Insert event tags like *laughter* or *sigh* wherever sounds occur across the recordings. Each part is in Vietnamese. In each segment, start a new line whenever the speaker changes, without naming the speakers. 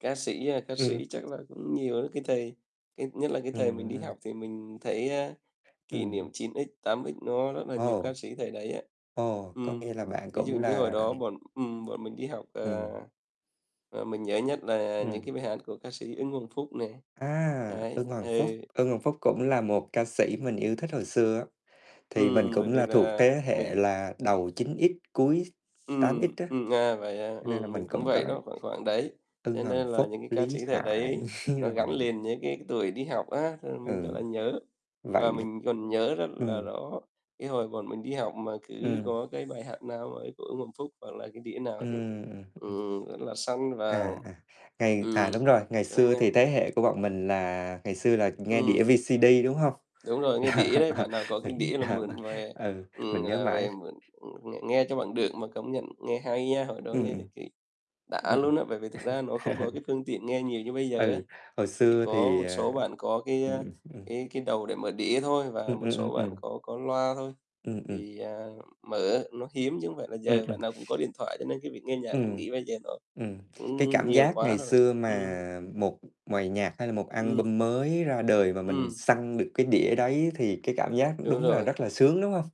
Ca sĩ, a, ca
Ừm.
sĩ chắc là cũng nhiều á, cái thời cái nhất là cái thời mình đi
Ừm.
học thì mình thấy, a, kỷ niệm
Ừm.
9X, 8X nó rất là nhiều
Ồ.
ca sĩ thời đấy á.
Ồ, có
Ừm,
nghĩa là bạn
ví dụ
cũng
như hồi
là
đó bọn ừm, bọn mình đi học, à
Ừm.
và mình nhớ nhất là những cái
Ừm.
bài hát của ca sĩ Ưng Hoàng Phúc này,
À,
đấy,
Ưng Hoàng Phúc.
ừ.
Ưng Hoàng Phúc cũng là một ca sĩ mình yêu thích hồi xưa á, thì mình
Ừm, bởi
cũng
vì
là thuộc
là
thế
mình
hệ là đầu 9X, cuối tám
Ừm,
X á.
ừm, à, vậy à?
Cho nên là
Ừm, mình
mình
cũng
cũng có
vậy đó, khoảng khoảng đấy,
Ưng
cho
Hoàng
nên là
Phúc,
những cái ca
Lý
sĩ thời
Hải,
đấy nó
*chuckles* rồi
gắn liền với cái cái tuổi đi học á, cho nên là mình rất
Ừ,
là nhớ. Và
vậy
mình còn nhớ rất là
ừm.
rõ, cái hồi bọn mình đi học mà cứ
Ừm.
có cái bài hát nào ấy của Ưng Hoàng Phúc, hoặc là cái đĩa nào thì,
Ừm, ừm.
ừm, rất là săn và
À, à, ngày à,
ừm,
đúng rồi, ngày
cho
xưa thì
nhau.
thế hệ của bọn mình là ngày xưa là nghe đĩa
Ừm.
VCD, đúng hông?
Đúng rồi, nghe đĩa đấy, bạn nào có cái đĩa là
*laughs* Ờ.
mượn về
Ừ,
ừm,
mình nhớ
là
mãi.
về mượn, ừm, ng nghe cho bằng được mà công nhận nghe hay nha, hồi đó
Ừ, ừ.
nghe được cái đã
Ừ, ừ.
luôn á. Bởi vì thực ra nó không có
Ừ.
cái
*laughs*
phương tiện nghe nhiều như bây giờ á.
Ừ, hồi
Chỉ
xưa
có
thì,
một
ờ
số bạn có cái,
ừ, ừ,
a,
ừ.
cái cái đầu để mở đĩa thôi và
Ừ,
một
ừ, ừ,
số bạn
ừ.
có có loa thôi,
Ừ, ừ.
thì, à, mở nó hiếm, chứ không phải là
Ừ,
giờ
ừ.
bạn nào cũng có điện thoại, cho nên cái việc nghe nhạc mình
Ừm,
nghĩ bây giờ nó
ừm, cái
cũng nh
cảm
nhiều
giác
quá
ngày
rồi.
xưa
Ừm.
mà một bài nhạc, hay là một
Ừm.
album mới ra đời và mình
Ừm.
săn được cái đĩa đấy thì cái cảm giác
Đúng
đúng là
rồi.
rất là sướng, đúng hông?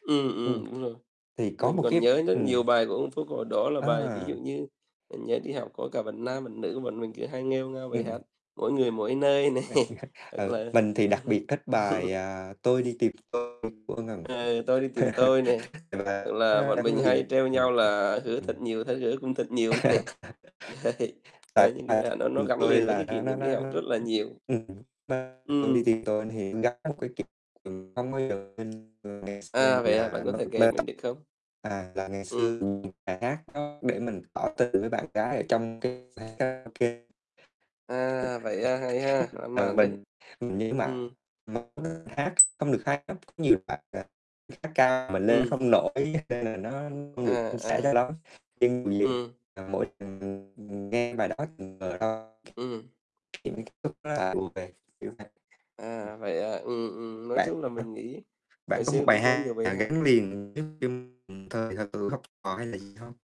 Ừm, ừm,
Ừm,
đúng rồi,
thì có
mình
một
còn
cái
nhớ rất
ừm.
nhiều bài của Ưng Hoàng Phúc hồi đó là bài ví dụ
À.
như mình nhớ đi học có cả bạn nam, bạn nữ, bọn mình cứ hay nghêu ngao bài
Ừm.
hát "Mỗi Người Mỗi Nơi" này
*laughs*
hoặc
Ừ,
là
mình thì đặc biệt thích bài, à, "Tôi
*laughs*
Đi Tìm Tôi" của Ưng Hoàng Phúc.
Ờ, "Tôi Đi Tìm
*laughs*
Tôi" này, hoặc
Và nó
là
đã
bọn
gắn
mình hay
liền
trêu nhau là "Hứa Thật
*unintelligible*
Nhiều, Thất Hứa Cũng Thật Nhiều" nè, đấy,
*laughs* Tại
đấy những cái bài hát
"Tôi
nó
đi
nó
tìm
gắn
tôi"
liền với cái
là
kỷ
nó nó
niệm đi học
nó,
rất là nhiều.
ừ, nó "Tôi Đi
Ừm.
Tìm Tôi" thì gắn một cái kỷ niệm không bao giờ quên *unintelligible* ngày xưa
À,
mình
vậy à? Bạn
là
có thể kể mình
*unintelligible*
được không?
à, là ngày xưa
Ừm.
mình tìm bài hát nó để mình tỏ tình với bạn gái ở trong cái quán karaoke.
À, vậy à? Hay ha,
*unintelligible*
lãng
Ừ,
mạn đấy.
mình mình nhớ mãi
Ừ.
*unintelligible* hát không được hay lắm, có nhiều đoạn, à, hát cao mình lên
Ừm.
không nổi nên là nó không
À,
được suôn sẻ
à.
cho lắm, *unintelligible*
Ừm.
à, mỗi lần nghe bài đó
Ừm.
ký ức lại ùa về, kiểu vậy.
À, vậy à? Ừ, ừ, nói
Bạn
chung là
*unintelligible*
mình nghĩ
bạn
hồi
có một
xưa cũng
bài
có nhiều
hát
bài
nào
hát.
gắn liền *unintelligible* hay là gì hông?